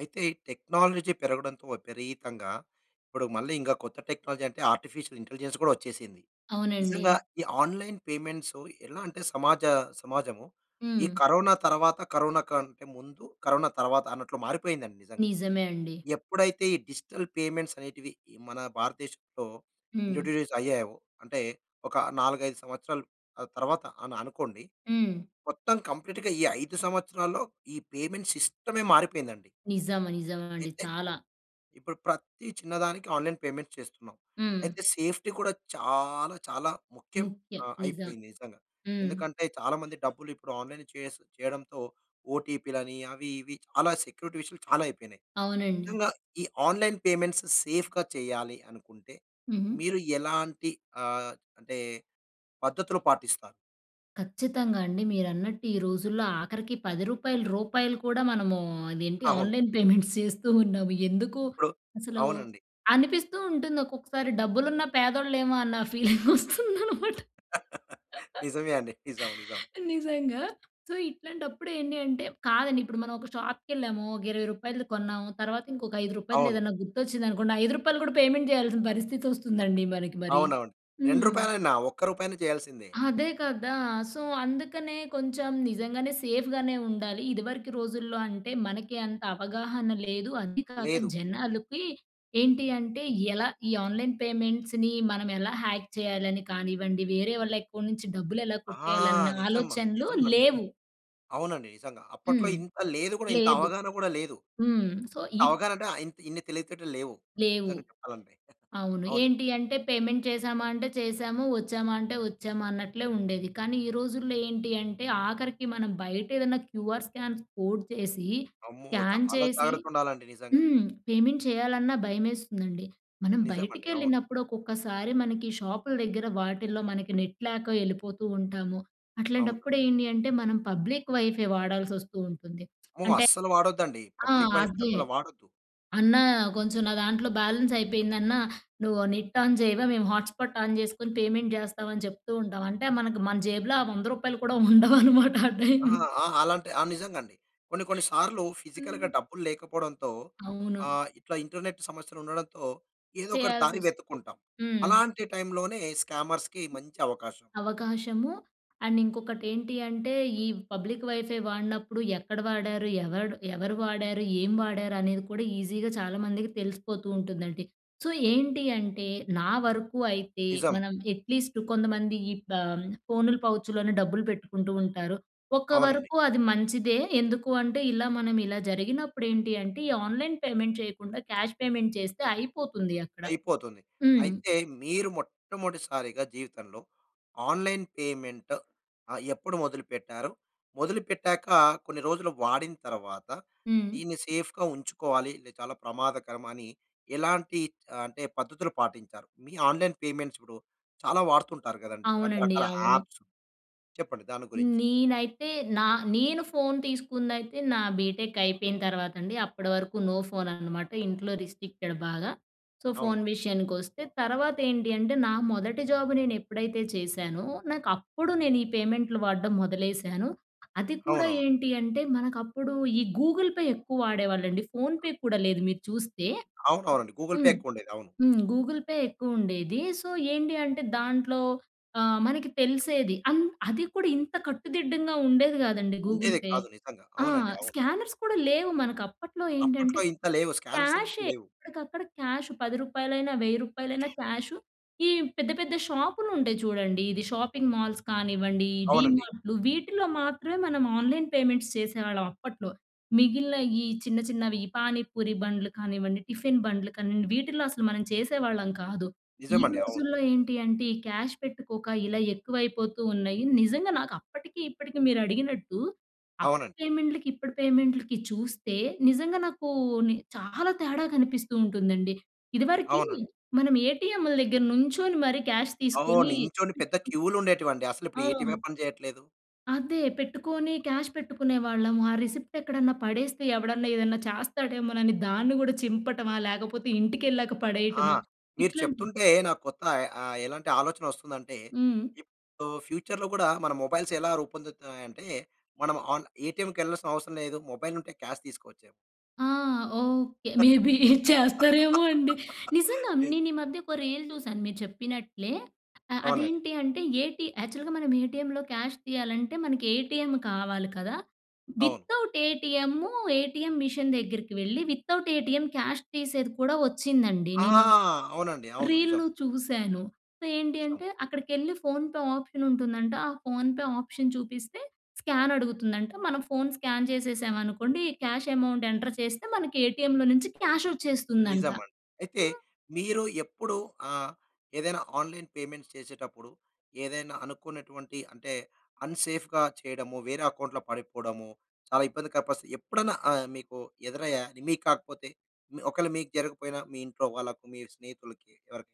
అయితే, టెక్నాలజీ పెరగడంతో విపరీతంగా ఇప్పుడు, మళ్ళీ ఇంక కొత్త టెక్నాలజీ అంటే, ఆర్టిఫిషియల్ ఇంటెలిజెన్స్ కూడా వచ్చేసింది. అవునండి. నిజంగా, ఈ ఆన్‌‌‌‌లైన్ పేమెంట్సో ఎలా అంటే సమాజ సమాజము, ఈ హ్మ్. కరోనా తర్వాత, కరోనా కంటే ముందు, కరోనా తర్వాత అన్నట్లు మారిపోయిందండి నిజంగా. నిజమే అండి. ఎప్పుడైతే, ఈ డిజిటల్ పేమెంట్స్ అనేటివి ఈ మన భారతదేశంలో హ్మ్. ఇంట్రొడ్యూస్ అయ్యాయో, అంటే ఒక 4, 5 సంవత్సరాలు ఆహ్, తర్వాత అని అనుకోండి. హ్మ్. మొత్తం కంప్లీట్‌‌గా ఈ 5 సంవత్సరాల్లో, ఈ పేమెంట్ సిస్టమే మారిపోయిందండి. నిజం. నిజం అండి. అయితే, చాలా. ఇప్పుడు ప్రతి చిన్నదానికి ఆన్‌లైన్ పేమెంట్ చేస్తున్నాం. హ్మ్. అయితే, సేఫ్టీ కూడా చాలా, చాలా ముఖ్యం ముఖ్యం. ఆహ్, నిజం. అయిపోయింది నిజంగా. హ్మ్. ఎందుకంటే, చాలామంది డబ్బులు ఇప్పుడు ఆన్‌లైన్ చేస్ చేయడంతో, ఓటీపీ లని, అవి, ఇవి చాలా సెక్యూరిటీ విషయాలు చాలా అయిపోయినాయి. అవునండి. నిజంగా, ఈ ఆన్‌లైన్ పేమెంట్స్ సేఫ్‌గా చేయాలి అనుకుంటే, హుహు. మీరు ఎలాంటి ఆహ్, అంటే పద్ధతులు పాటిస్తారు? ఖచ్చితంగా అండి. మీరన్నట్టు ఈ రోజుల్లో ఆఖరికి, రూ. 10 రూపాయలు కూడా మనము, అదేంటి అవును. ఆన్లైన్ పేమెంట్స్ చేస్తూ ఉన్నాము. ఎందుకు ఇప్పుడు అసలు అవునండి. అనిపిస్తూ ఉంటుంది ఒక్కొక్కసారి, డబ్బులున్నా పేదోళ్ళేమో అన్న ఫీలింగ్ వస్తుందనమాట. నిజమే అండి. నిజం. నిజం. నిజంగా సో, ఇట్లాంటప్పుడు ఏంటి అంటే కాదండి ఇప్పుడు మనం ఒక షాప్‌కెళ్ళాము, ఒక 20 కొన్నాము, తర్వాత ఇంకొక, 5 అవును. ఏదన్నా గుర్తొచ్చిందనుకోండి, రూ. 5 కూడా పేమెంట్ చేయాల్సిన పరిస్థితి వస్తుందండి మనకి మరి. అవునవును. 2 హ్మ్. రూపాయలైన, ఒక్క రూపాయైన చేయాల్సిందే. అదే కదా. సో, అందుకనే కొంచెం, నిజంగానే సేఫ్‌ గానే ఉండాలి. ఇదివరకు రోజుల్లో అంటే, మనకి అంత అవగాహన లేదు. అది కాక లేదు. జనాలకి ఏంటి అంటే, ఎలా ఈ ఆన్లైన్ పేమెంట్స్‌ని మనం ఎలా హ్యాక్ చేయాలని కానివ్వండి, వేరే వాళ్ళ అకౌంట్ నుంచి డబ్బులు ఎలా ఆ! కొట్టేయాలన్న, నిజం. ఆలోచనలు నిజమండి. లేవు. అవునండి. నిజంగా. అప్పట్లో హ్మ్. ఇంత లేదు కూడా ఇంత లేదు. అవగాహన కూడా లేదు. హ్మ్. సో, ఇప్ అవగాహన అంటే, ఇంత్ ఇన్ని తెలివితేటలు లేవు. లేవు. నిజంగా చెప్పాలంటే. అవును. అవును. ఏంటి అంటే, పేమెంట్ చేసామా అంటే చేశాము, వచ్చామా అంటే వచ్చామా అన్నట్లే ఉండేది. కానీ, ఈ రోజుల్లో ఏంటి అంటే, ఆఖరికి మనం బయట ఏదన్నా క్యూఆర్ స్కామ్స్ కోడ్ చేసి, అమ్మో! స్క్యాన్ చాలా చేసి జాగ్రత్త ఉండాలండి నిజంగా. హ్మ్. పేమెంట్ చేయాలన్నా భయమేస్తుందండి. మనం నిజమండి. అవును. బయటికెళ్ళినప్పుడు, ఒక్కొక్కసారి మనకి షాపుల దగ్గర వాటిల్లో, మనకి నెట్ లేక వెళ్ళిపోతూ ఉంటాము. అవునా! అట్లాంటప్పుడు ఏంటి అంటే, మనం పబ్లిక్ వైఫై వాడాల్సి వస్తూ ఉంటుంది. అమ్మో! అంటే అస్సలు వాడొద్దండి. ఆ! పబ్లిక్ వైఫై అదే, అసలు వాడొద్దు. "అన్నా, కొంచెం నా దాంట్లో బ్యాలెన్స్ అయిపోయిందన్నా, నువ్వు నెట్ ఆన్ చేయవా మేము హాట్స్పాట్ ఆన్ చేసుకొని పేమెంట్ చేస్తామని" చెప్తూ ఉంటాం. అంటే, మనకు మన జేబులో, రూ. 100 కూడా ఉండవనమాట. ఆ టైం ఆ! ఆహ్, అలాంటి ఆ! నిజంగా అండి. కొన్ని, కొన్ని సార్లు ఫిజికల్‌గా హ్మ్. డబ్బులు లేకపోవడంతో, అవును. ఆహ్, ఇట్లా ఇంటర్నెట్ సమస్యలు ఉండడంతో, ఏదో ఒకటి దారి చేయాల్సివస్తు వెతుక్కుంటాం. హ్మ్. అలాంటి టైమ్ లోనే స్కామర్స్‌కి మంచి అవకాశం. అవకాశము, అండ్ ఇంకొకటి ఏంటి అంటే, ఈ పబ్లిక్ వైఫై వాడినప్పుడు, ఎక్కడ వాడారు ఎవడు ఎవరు వాడారు, ఏం వాడారు అనేది కూడా ఈజీగా చాలామందికి తెలిసిపోతూ ఉంటుందండి. సో, ఏంటి అంటే, నా వరకు అయితే, నిజం. మనం అట్లీస్ట్టు కొంతమంది ఈ ప ఆహ్, ఫోనులు పౌచ్‌ లోనే డబ్బులు పెట్టుకుంటూ ఉంటారు, ఒక్క అవునండి. వరకు అది మంచిదే. ఎందుకు అంటే, ఇలా మనం ఇలా జరిగినప్పుడు ఏంటి అంటే, ఈ ఆన్లైన్ పేమెంట్ చేయకుండా క్యాష్ పేమెంట్ చేస్తే అయిపోతుంది అక్కడ. అయిపోతుంది. హ్మ్. అయితే, మీరు మొట్టమొదటిసారిగా జీవితంలో, ఆన్‌లైన్ పేమెంట్ ఆహ్, ఎప్పుడు మొదలుపెట్టారు? మొదలుపెట్టాక, కొన్ని రోజులు వాడిన తర్వాత, హ్మ్. దీన్ని సేఫ్‌గా ఉంచుకోవాలి, లె చాలా ప్రమాదకరమ అని, ఎలాంటి ఆహ్, అంటే పద్ధతులు పాటించారు? మీ ఆన్లైన్ పేమెంట్స్ ఇప్పుడు చాలా వాడుతుంటారు కదండి, అవునండి. రకరకాల అవును. యాప్సు చెప్పండి దాని గురించి? నేనైతే, నా నేను ఫోన్ తీసుకుందైతే నా బీటెక్ అయిపోయిన తర్వాత అండి. అప్పటి వరకు నో ఫోన్ అనమాట. ఇంట్లో రిస్ట్రిక్టెడ్ బాగా. సో, అవును. ఫోన్ విషయానికి వస్తే. తర్వాత ఏంటి అంటే, నా మొదటి జాబు నేను ఎప్పుడైతే చేశానో, నాకు అప్పుడు నేను ఈ పేమెంట్లు వాడడం మొదలేశాను. అది కూడా అవునవును. ఏంటి అంటే, మనకు అప్పుడు ఈ గూగుల్ పే ఎక్కువ వాడేవాళ్ళండి ఫోన్ పే కూడా లేదు. మీరు చూస్తే అవునవును. గూగుల్ పే హ్మ్. ఎక్కువ ఉండేది. అవును. హ్మ్. గూగుల్ పే ఎక్కువ ఉండేది. సో, ఏంటి అంటే దాంట్లో ఆహ్, మనకి తెలిసేది అంత్ అది కూడా, ఇంత కట్టుదిడ్డంగా ఉండేది కాదండి, గూగుల్ ఉండేది పే. కాదు. నిజంగా. ఆ! అవునండి. అవును. స్కానర్స్ కూడా లేవు. మనకు అప్పట్లో ఏంటంటే, అప్పట్లో ఇంత లేవు. స్కానర్స్ అనేటి క్యాషే లేవు. ఎక్కడికక్కడ క్యాష్ రూ. 10, రూ. 1,000 క్యాషు. ఈ పెద్ద, పెద్ద షాపులు ఉంటాయి చూడండి, ఇది షాపింగ్ మాల్స్ కానివ్వండి, అవునండి. డీమార్ట్‌లు వీటిలో మాత్రమే, మనం ఆన్లైన్ పేమెంట్స్ చేసేవాళ్ళం అప్పట్లో. మిగిలిన ఈ చిన్న, చిన్నవి పానిపూరి బండ్లు కానివ్వండి, టిఫిన్ బండ్లు కానివ్వండి వీటిలో అసలు మనం చేసేవాళ్ళం కాదు. ఈ నిజమండి. అవును. రోజుల్లో ఏంటి అంటే, ఈ క్యాష్ పెట్టుకోక, ఇలా ఎక్కువైపోతూ ఉన్నాయి. నిజంగా నాకు అప్పటికి, ఇప్పటికి మీరు అడిగినట్టు అప్పటి అవునండి. పేమెంట్‌లుకి, ఇప్పటి పేమెంట్‌లుకి చూస్తే, నిజంగా నాకూ, ని చాలా తేడా కనిపిస్తూ ఉంటుందండి. ఇదివరకి, అవునండి. మనం ఏటీఎంలు దగ్గర నుంచొని మరి క్యాష్ అవును. తీసుకొని నించొని పెద్ద క్యూలు ఉండేటివండి. అసలు ఇప్పుడు, ఏటీఎమే ఆ! పని చేయట్లేదు. అదే పెట్టుకొని క్యాష్ పెట్టుకునేవాళ్ళము. ఆ రిసిప్ట్ ఎక్కడన్నా పడేస్తే, ఎవడన్నా ఏదన్నా చేస్తాడేమోనని దాన్ని కూడా చింపటమా, లేకపోతే ఇంటికెళ్ళాక ఆ! పడేయటమా మీరు ఇట్లాంటివి చెప్తుంటే, నాకు కొత్త అయ్ ఆహ్, ఎలాంటి ఆలోచన వస్తుందంటే, హ్మ్. ఇప్పుడు ఫ్యూచర్‌లో కూడా మన మొబైల్స్ ఎలా రూపొందుతాయి అంటే, మనం ఆన్ ఏటీఎంకెళ్ళాల్సిన అవసరం లేదు. మొబైల్ ఉంటే క్యాష్ తీసుకోవచ్చేమో! ఆ! ఓకే. మే బీ చేస్తారేమో అండి. నిజంగా, నేను ఈ మధ్య ఒక రీల్ చూశాను మీరు చెప్పినట్లే, ఆహ్, అవునండి. అదేంటి అంటే ఏటీ యాక్చువల్‌గా మనం ఏటీఎంలో క్యాష్ తీయాలంటే, మనకి ఏటీఎం కావాలి కదా! అవును. వితౌట్ ఏటీఎంమ్ము, ఏటీఎం మిషన్ దగ్గరికి వెళ్ళి, వితౌట్ ఏటీఎం క్యాష్ తీసేది కూడా వచ్చిందండి. ఆ! నేను అవునండి. అవును. నిజం. రీల్లు చూసాను. ఏంటి సం అంటే, అక్కడికెళ్లి ఫోన్ పే ఆప్షన్ ఉంటుందంట, ఆ ఫోన్ ఆప్షన్ చూపిస్తే స్కాన్ అడుగుతుందంట, మనం ఫోన్ స్కాన్ చేసేసాం అనుకోండి క్యాష్ అమౌంట్ ఎంటర్ చేస్తే, మన ఏటీఎంలో నుంచి క్యాషోచ్చేస్తుందంట. నిజమండి. అయితే, హ్మ్. మీరు ఎప్పుడు ఆహ్, ఏదైనా ఆన్‌లైన్ పేమెంట్స్ చేసేటప్పుడు, ఏదైనా అనుకున్నటువంటి, అంటే అన్‌సేఫ్‌గా చేయడము, వేరే అకౌంట్లో పడిపోవడము చాలా ఇబ్బందికర పరిస్థితి ఎప్పుడన్నా ఆహ్, మీకు ఎదురయ్యా? మీకు కాకపోతే ఒకళ్ళు మీకు జరగకపోయినా, మీ ఇంట్లో వాళ్ళకి, మీ స్నేహితులకి ఎవరికైనా?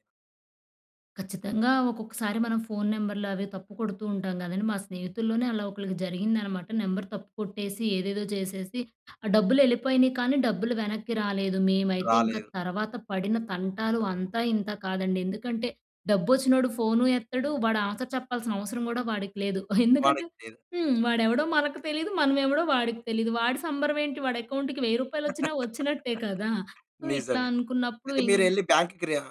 ఖచ్చితంగా! ఒక్కొక్కసారి మనం ఫోన్ నెంబర్లవి తప్పుకొడుతూ ఉంటాం కదండీ! మా స్నేహితుల్లోనే, అలా ఒకళ్ళకి జరిగిందనమాట. నెంబర్ తప్పుకొట్టేసి, ఏదేదో చేసేసి, ఆ డబ్బులు వెళ్ళిపోయినయి కానీ, డబ్బులు వెనక్కి రాలేదు. మేమైతే ఇంక, రాలేదు. తర్వాత పడిన తంటాలు అంతా, ఇంతా కాదండి. ఎందుకంటే, డబ్బు వచ్చినోడు ఫోను ఎత్తడు. వాడు ఆన్సర్ చెప్పాల్సిన అవసరం కూడా, వాడికి లేదు. ఎందుకంటే వాడికి లేదు. హ్మ్. వాడెవడో మనకు తెలీదు. మనం ఎవడో వాడికి తెలీదు. వాడి సంబరం ఏంటి, వాడి అకౌంట్‌కి రూ. 1000 రూపాయలు వచ్చినా, వచ్చినట్టే కదా! సో, ఇట్లా నిజమే. అనుకున్నప్పుడు అయితే, మీరు ఇంక్ ఏళ్లి బ్యాంక్‌కి రి ఆహ్,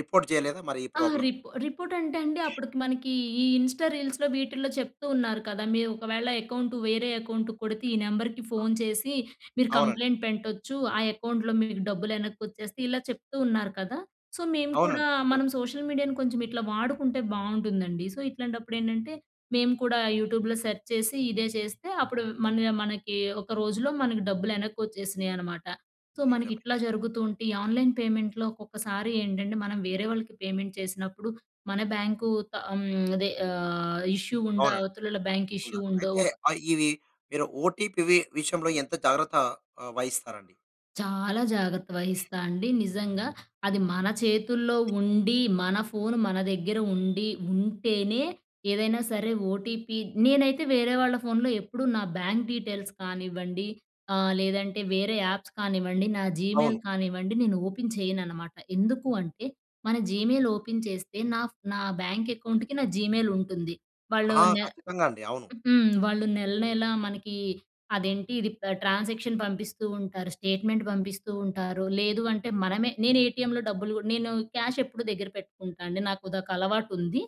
రిపోర్ట్ చేయలేదా మరి, ఈ ఆ! ప్రాబ్లమ్? రిప్ రిపోర్ట్ అంటే అండి, అప్పటికి మనకి ఈ ఇన్స్టా రీల్స్‌లో, వీటిల్లో చెప్తూ ఉన్నారు కదా! "మీవు ఒకవేళ అకౌంటు, వేరే అకౌంటు‌కొడితే ఈ నెంబర్‌కి ఫోన్ చేసి, మీరు అవునండి. కంప్లెయింట్ పెంట్టొచ్చు. ఆ అకౌంట్‌లో మీకు డబ్బులు ఎనక్కోచ్చేస్తే ఇలా చెప్తూ ఉన్నారు కదా! సో, మేము కూడా, అవునండి. గం మనం సోషల్ మీడియాను కొంచెం, ఇట్లా వాడుకుంటే బాగుంటుందండి. సో, ఇట్లాంటప్పుడు ఏంటంటే, మేము కూడా యూట్యూబ్‌లో సెర్చ్ చేసి, ఇదే చేస్తే అప్పుడు మళ్ళీ ఆహ్, మనకి ఒక రోజులో మనకి, డబ్బులు ఎనక్కోచ్చేసినయి, అనమాట. సో, మనకి నిజమే. ఇట్లా, జరుగుతూ ఉంటే, ఈ ఆన్లైన్ పేమెంట్‌లో ఒక్కొక్కసారి ఏంటంటే, మనం వేరే వాళ్ళకి, పేమెంట్ చేసినప్పుడు మన బ్యాంకు త అమ్ అదే ఆహ్, ఇష్యూ ఉండో, అవునండి. అవతలోళ్ళ, బ్యాంక్ ఇష్యూ ఉన్నారు. ఉండో అయితే, ఒక ఆహ్, ఇవి మీరు ఓటీపీవి విషయంలో ఎంత జాగ్రత్త ఆహ్, వహిస్తారండి? చాలా జాగ్రత్త వహిస్తా అండి. నిజంగా. అది మన చేతుల్లో ఉండి, మన ఫోను మన దగ్గేర ఉండి, ఉంటేనే ఏదైనా సరే! ఓటీపీ నేనైతే వేరే వాళ్ళ ఫోన్‌లో ఎప్పుడూ నా బ్యాంక్ డీటెయిల్స్ కానివ్వండి, ఆహ్, లేదంటే వేరే యాప్స్ కానివ్వండి నా జీమెయిల్ అవును. కానివ్వండి, నేను ఓపెన్ చేయననమాట. ఎందుకు అంటే, మన జీమెయిల్ ఓపెన్ చేస్తే నా ఫ్ నా బ్యాంక్ అకౌంట్‌కి, నా జీమెయిల్ ఉంటుంది. వాళ్ళు ఆ! నె ఖచ్చితంగా! అండి. అవును. హ్మ్. వాళ్ళు నెలనెలా మనకి అదేంటి, ఇది పె ట్రాన్సాక్షన్ పంపిస్తూ ఉంటారు. స్టేట్మెంట్ పంపిస్తూ ఉంటారు. లేదు అంటే, మనమే నేను ఏటీఎం‌లో డబ్బులు కూడ నేను క్యాష్ ఎప్పుడూ దగ్గర పెట్టుకుంటా అండి. నాకు ఉదొక అలవాటు ఉంది.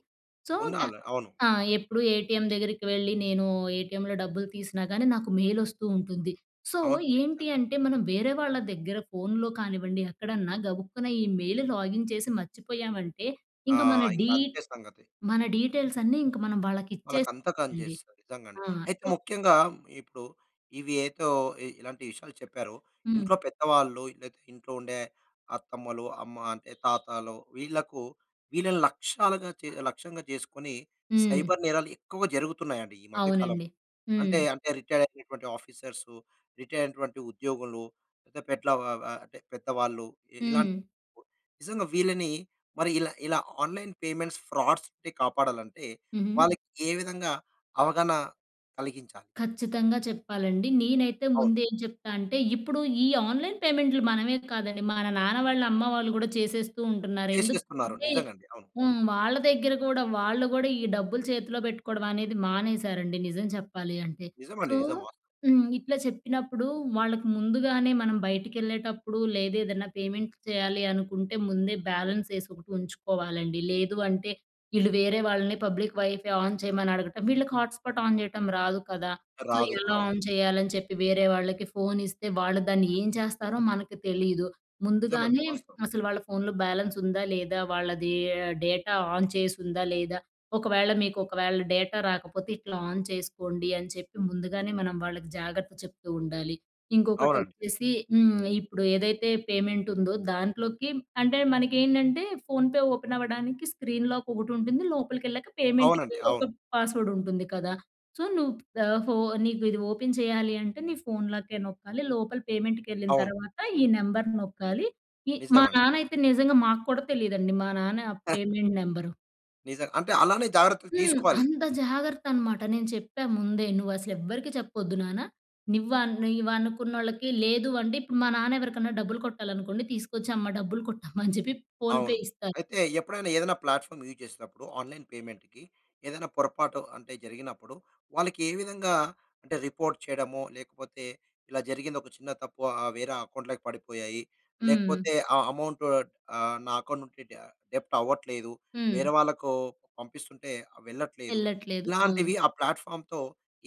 సో, క్యా ఉండాల. అవును. ఆ! ఎప్పుడు ఏటీఎం దగ్గరికి వెళ్ళి, నేను ఏటీఎం‌లో డబ్బులు తీసినా కానీ, నాకు మెయిల్ ఓస్తూ ఉంటుంది. సో, అవునండి, ఏంటి నిజంగా. అంటే, మనం వేరే వాళ్ళ దగ్గర ఫోన్‌లో కానివ్వండి, ఎక్కడన్నా, గబుక్కున ఈ మెయిల్, లాగిన్ చేసి, మర్చిపోయామంటే, ఆ! ఇంక మన ఇంక డీ అంతే సంగతి. మన డీటెయిల్స్ అన్నీ ఇంక మనం వాళ్ళకి ఇచ్చేస్ వాళ్ళకంత కాని అండి. చేస్తారు. నిజం అండి. ఆ! అయితే, సో ముఖ్యంగా ఇప్పుడు ఇవి ఏతో ఇ ఇలాంటి విషయాలు చెప్పారో, హ్మ్. ఇంట్లో పెద్దవాళ్ళు లేతే ఇంట్లో ఉండే అత్తమ్మలు, అమ్మ అంటే, తాతాలో, వీళ్ళకు, వీళ్ళని లక్ష్యాలుగా చే లక్ష్యంగా చేసుకొని, హ్మ్. సైబర్ నేరాలు ఎక్కువగా జరుగుతున్నాయండి, ఈ మధ్య కాలం. అవునండి. హ్మ్. అంటే, అంటే, రిటైర్ అయినటువంటి ఆఫీసర్సు, రిటైర్ అయినటువంటి ఉద్యోగులు పెద్ద పేట్ల వ వ అంటే, పెద్దవాళ్ళు ఇ ఇలాన్ హ్మ్. నిజంగా వీళ్ళని, మరి ఇలా ఇలా ఆన్లైన్ పెమెంట్స్, ఫ్రాడ్స్ టె కాపాడాలంటే హుహు. వాళ్ళకి ఏ విధంగా? అవగాన కలిగించా ఖచ్చితంగా! చెప్పాలండి. నేనైతే అవును. ముందు ఏం చెప్తా అంటే, ఇప్పుడు ఈ ఆన్లైన్ పేమెంట్‌లు, మనమే కాదండి! మన నాన్న వాళ్ళ, అమ్మ వాళ్ళు కూడా, చేసేస్తూ ఉంటున్నారు. చేసేస్తున్నారు ఎందుకంటే నిజంగా అండి. అవును. హ్మ్. వాళ్ళ దగ్గర కూడా వాళ్ళు కూడా, ఈ డబ్బులు చేతిలో పెట్టుకోవడం అనేది, మానేశారండి, నిజం చెప్పాలి అంటే. నిజమండి. సో నిజం. వాస్ హ్మ్, ఇట్లా చెప్పినప్పుడు, వాళ్ళకి ముందుగానే, మనం బయటికి ఏళ్ళేటప్పుడు లేదేదనా పేమెంట్ చేయాలి అనుకుంటే, ముందే బ్యాలెన్స్ వేసి ఒకటుంచుకోవాలండి. లేదు అంటే, ఇళ్ళు వేరే వాళ్ళని, పబ్లిక్ వైఫై ఆన్ చేయమని అడగటం వీళ్ళకి హాట్ స్పాట్ ఆన్ చేయటం రాదు కదా! సో, రాదు. ఎలా అవును. ఆన్ చేయాలని చెప్పి, వేరే వాళ్ళకి ఫోన్ ఇస్తే, వాళ్ళు దాన్ని ఏం చేస్తారో మనకి తెలీదు. నిజమండి. ముందుగానే వాస్తవం. అసలు, వాళ్ళ ఫోన్‌లో బ్యాలెన్స్ ఉందా, లేదా? వాళ్ళది ఆహ్, డేటా ఆన్ చేసి ఉందా, లేదా? ఒకవేళ మీకు, ఒకవేళ డేటా రాకపోతే ఇట్లా ఆన్ చేసుకోండి. అని చెప్పి ముందుగానే, మనం వాళ్ళకి జాగ్రత్త చెప్తూ ఉండాలి. ఇంకొకటి అవునండి. వచ్చేసి హ్మ్. ఇప్పుడు ఏదైతే పేమెంట్ ఉందో, దాంట్లోకి అంటే, మనకి ఏంటంటే, ఫోన్‌ పే ఓపెన్ అవ్వడానికి స్క్రీన్ లాక్ ఒకటి ఉంటుంది. లోపలికకెళ్ళాక పేమెంట్‌కి అవునండి. అవును. ఒక పాస్వర్డ్ ఉంటుంది కదా! సో, "నువ్వు ద ఫో నీకు ఇది ఓపెన్ చేయాలి అంటే, నీ ఫోన్‌ లాకే నొక్కాలి. లోపల పేమెంట్‌కి ఏళ్ళిన అవును. తర్వాత, ఈ నెంబర్ నొక్కాలి" ఈ మా నిజమండి. నాన్న అయితే, నిజంగా మాకు కూడా, తెలీదండి! మా నాన్న పేమెంట్ నెంబరు. నిజం, అంటే అలానే జాగ్రత్తలు హ్మ్. తీసుకోవాలి. అంత జాగర్తన్నమాట. నేను చెప్పా ముందే. నువ్వసలు ఎవ్వరికీ చెప్పొద్దు నాన్న. నివ్వను నీవు అనుకున్నోళ్ళకి లేదు "అంటే, ఇప్పుడు మా నాన్న ఎవరికన్నా డబ్బులు కొట్టాలనుకోండి, తీసుకొచ్చి, "అమ్మ, డబ్బులు కొట్టమ్మా" అని చెప్పి ఫోన్‌పే అవును. ఇస్తారు. అయితే ఎప్పుడైనా ఏదైనా ప్లాట్‌ఫామ్ యూజ్ చేస్తునప్పుడు, ఆన్‌లైన్ పేమెంట్‌కి ఏదైనా పొరపాటు అంటే జరిగినప్పుడు, వాళ్ళకే విధంగా, అంటే రిపోర్ట్ చేయడమో లేకపోతే, ఇలా జరిగిందొక చిన్న తప్పు. ఆ వేరే అకౌంట్‌లోకి పడిపోయాయి. హ్మ్. లేకపోతే ఆ అమౌంట్ ఆహ్, నా అకౌంట్ నుంచి డా డెబ్ట్ అవ్వట్లేదు. హ్మ్. వేరే వాళ్ళకు పంపిస్తుంటే వెళ్ళట్లేదు. ఎళ్ళట్లేదు. ఇలాంటివి ఆ! ఆ ప్లాట్‌ఫామ్‌తో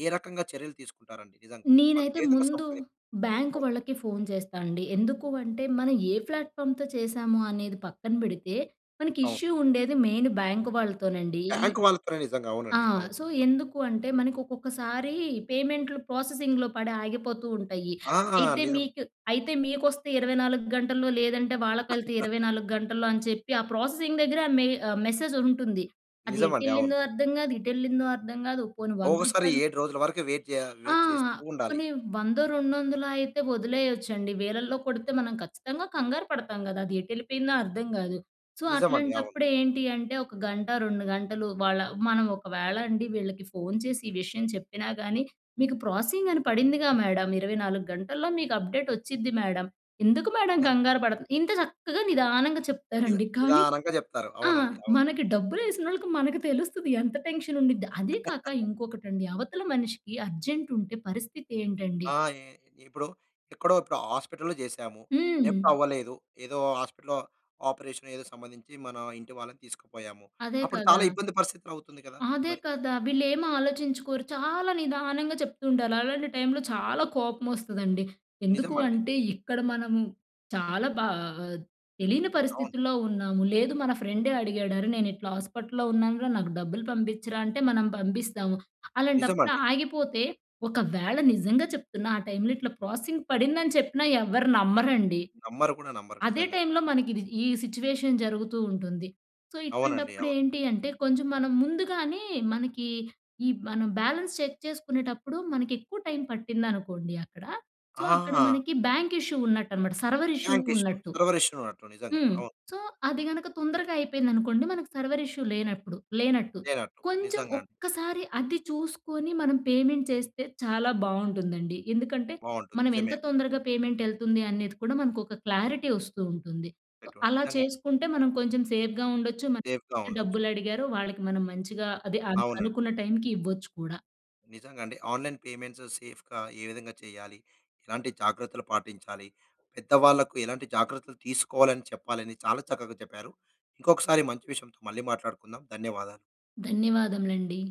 ఏ రకంగా చర్యలు తీసుకుంటారండి? నిజంగా వాళ్ళకే నేనైతే విధంగా ముందు సంప్రది బ్యాంక్ అవును. వాళ్ళకి ఫోన్ జేస్తా అండి. ఎందుకు అంటే మన ఏ ఫ్లాట్‌ఫామ్‌తో చేశాము అనేది పక్కన పెడితే, మనకి అవును. ఇష్యూ ఉండేది మెయిన్ బ్యాంక్ వాళ్ళతోనండి. ఈ బ్యాంక్ వాళ్ళతోనే నిజంగా ఆ! అవునండి. అవును. సో, ఎందుకు అంటే మనకొక్కొక్కసారీ పేమెంట్లు ప్రాసెసింగ్‌లో పడి ఆగిపోతూ ఉంటయీ. ఆ! అయితే నిజం. మీకు అయితే మీకొస్తే 24 గంటల్లో లేదంటే వాళ్ళకెళితే ఇరవై నాలుగు గంటల్లో అని చెప్పి, ఆ ప్రాసెసింగ్ దగ్గరే మె ఆహ్, మెసేజ్ ఉంటుంది. అది నిజమండి. అవును. ఎటెళ్ళిందో అర్థం కాదు, ఇటు ఎళ్ళిందో అర్థం గాదు. పోనీ వంద ఒకోకసారి రూపాయలు 7 రోజుల వరకు వెయిట్ జేయ ఆ! వెయిట్ చేస్తూ ఉండాలి. పోనీ వందో, రెండొందలో అయితే వదిలేయొచ్చండి. వేలల్లో కొడితే మనం ఖచ్చితంగా కంగారు పడతాం గదా! అదెటెళ్లిపోయిందో అర్థం కాదు. సో, నిజం అండి, అవును. అట్లాంటప్పుడు ఏంటి అంటే, ఒక గంట, 2 గంటలు వాళ్ళ మనం ఒకవేళ అండి వీళ్ళకి ఫోన్ చేసి ఈ విషయం చెప్పినా కానీ, "మీకు ప్రోసెసింగ్ అని పడిందిగా మేడం, 24 గంటల్లో మీకు అప్‌డేట్ వచ్చిద్ది మేడం, ఎందుకు మేడం కంగారు పడతారు?" ఇంత చక్కగా నిదానంగా నిజ చెప్తారండి. కానీ నిదానంగా చెప్తారు. ఆ! అవునండి. అవును. మనకి డబ్బులేసినోళ్ళకి మనకు తెలుస్తది ఎంత టెన్షన్ ఉండిద్ది. అదే కాక ఇంకొకటండి అవతల మనిషికి అర్జెంట్ ఉంటే పరిస్థితి ఏంటండి? ఆ! ఈ ఇప్పుడు ఎక్కడో ఇప్పుడు హాస్పిటల్‌లో చేసాము. హ్మ్. డెబ్ట్ అవ్వలేదు. ఏదో హాస్పిటల్‌లో ఆపరేషన్ ఏదో సంబంధించి మన ఇంటి వాళ్ళని తీసుకుపోయాము. అదే అప్పుడు కదా! చాలా ఇబ్బంది పరిస్థితులు అవుతుంది కదా! అదే మరి. కదా! వీళ్లేమి ఆలోచించుకోరు. చాలా నిదానంగా చెప్తూ ఉండాలి. అలాంటి టైంలో చాలా కోపం వస్తదండి. ఎందుకు నిజమండి. అంటే ఇక్కడ మనము చాలా బా ఆహ్, తెలియని అవును. పరిస్థితుల్లో ఉన్నాము. లేదు మన ఫ్రెండే అడిగాడు "అరే, నేనిట్లా హాస్పటల్‌లో ఉన్నానురా. నాకు డబ్బులు పంపిచ్చరా" అంటే మనం పంపిస్తాము. అలాంటప్పుడు నిజమండి. ఆగిపోతే, ఒకవేళ నిజంగా చెప్తున్నా ఆ టైమ్‌లో ఇట్లా ప్రోసెసింగ్ పడిందని చెప్పినా ఎవరు నమ్మరండి. నమ్మరు కూడా నమ్మరు. అదే నిజంగా. టైంలో మనకిది ఈ సిచ్యువేషన్ జరుగుతూ ఉంటుంది. సో, అవునండి, ఇట్లాంటప్పుడు అవును. ఏంటి అంటే కొంచెం మనం ముందుగానే, మనకి ఈ మనం బ్యాలెన్స్ చెక్ చేసుకునేటప్పుడు మనకెక్కువ టైం పట్టిందనుకోండి అక్కడ, సో, అక్కడ ఆ! మనకి బ్యాంక్ ఇష్యూ ఉన్నట్టనమాట, సర్వర్ ఇష్యూ బ్యాంక్ ఇష్యూ, ఉన్నట్టు. సర్వర్ ఇష్యూ ఉన్నట్టు నిజంగా. హ్మ్. అవును. సో, అది గనక తొందరగా అయిపోయిందనుకోండి, మనకు సర్వర్ ఇష్యూ లేనప్పుడు లేనట్టు. లేనట్టు. కొంచెం నిజంగాండి. ఒక్కసారి అది చూసుకొని మనం పేమెంట్ చేస్తే చాలా బావుంటుందండి. ఎందుకంటే బావుంటుంది. మనం ఎంత నిజమే. తొందరగా పేమెంట్ ఎళ్తుంది అనేది కూడా మనకొక క్లారిటీ వస్తూ ఉంటుంది. సో, [unintelligible] అలా నిజంగా. చేసుకుంటే మనం కొంచెం సేఫ్‌గా ఉండొచ్చు, మనకి సేఫ్‌గా ఎవరైతే ఉండొచ్చు. డబ్బులు అడిగారో వాళ్ళకి మనం మంచిగా అదే అను అవునండి. అనుకున్న టైమ్‌కి ఇవ్వచ్చు కూడా. నిజంగా అండి. ఆన్‌లైన్ పేమెంట్స్ సేఫ్‌గా ఏ విధంగా చేయాలి, ఎలాంటి జాగ్రత్తలు పాటించాలి, పెద్దవాళ్లకు ఎలాంటి జాగ్రత్తలు తీసుకోవాలని చెప్పాలని చాలా చక్కగా చెప్పారు. ఇంకొకసారి మంచి విషయంతో మళ్ళీ మాట్లాడుకుందాం. ధన్యవాదాలు. ధన్యవాదములండి.